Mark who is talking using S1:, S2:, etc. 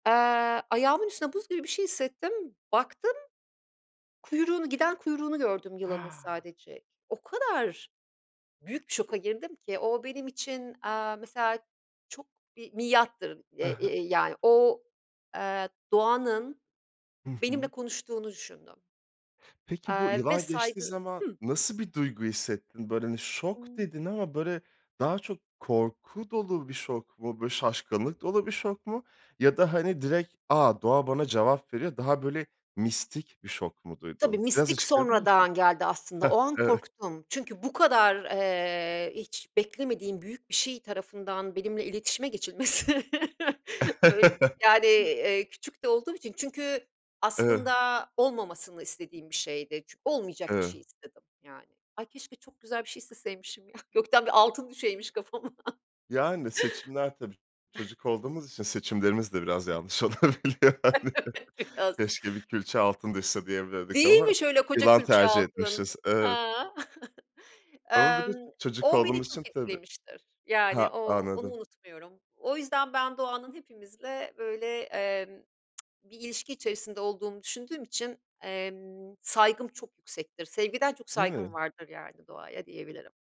S1: Eee, ayağımın üstünde buz gibi bir şey hissettim, baktım, kuyruğunu, giden kuyruğunu gördüm yılanın
S2: Ha!
S1: sadece. O kadar büyük bir şoka girdim ki. O benim için, aaa, mesela çok bir miattır. E
S2: Ha ha.
S1: e yani o, eee, doğanın
S2: Hı
S1: benimle
S2: hı.
S1: konuştuğunu düşündüm
S2: Peki bu
S1: Aaa, ve
S2: yılan geçtiği
S1: saygı
S2: zaman
S1: Hıh.
S2: nasıl bir duygu hissettin? Böyle hani şok
S1: Imm.
S2: dedin ama böyle daha çok korku dolu bir şok mu? Böyle şaşkınlık dolu bir şok mu? Ya da hani direkt, "A! Ooğa bana cevap veriyor!" Daha böyle, mistik bir şok mu
S1: Tabii,
S2: duydun? Biraz
S1: mistik
S2: açıklayabilir misin?
S1: sonradan geldi aslında,
S2: Hah,
S1: o an
S2: evet.
S1: korktum. Çünkü bu kadar, eee, hiç beklemediğim büyük bir şey tarafından benimle iletişime geçilmesi, böyl yani, eee, küçük de olduğum için çünkü
S2: [unintelligible]
S1: aslında olmamasını istediğim bir şeydi. Çü olmayacak bir şey
S2: [unintelligible]
S1: istedim yani. Ay, keşke çok güzel bir şey isteseymişim ya, gökten bir altın düşeymiş kafama.
S2: Yani, seçimler tabii. Çocuk olduğumuz için seçimlerimiz de biraz yanlış olabiliyor hani.
S1: Biraz.
S2: "Keşke bir külçe altın düşse." diyebilirdik
S1: Değil
S2: ama
S1: mi! Şöyle, koca
S2: yılan
S1: külçe
S2: tercih
S1: altın,
S2: etmişiz. Evet.
S1: ha.
S2: Ama bir de
S1: Emm,
S2: çocuk
S1: o beni
S2: olduğumuz için
S1: çok
S2: tabii.
S1: etkilemiştir
S2: Ha,
S1: yani o onu
S2: anladım.
S1: unutmuyorum. O yüzden ben doğanın hepimizle böyle, emm, bir ilişki içerisinde olduğunu düşündüğüm için, emm, saygım çok yüksektir. Sevgiden çok
S2: Değil
S1: saygım
S2: mi?
S1: vardır yani doğaya, diyebilirim.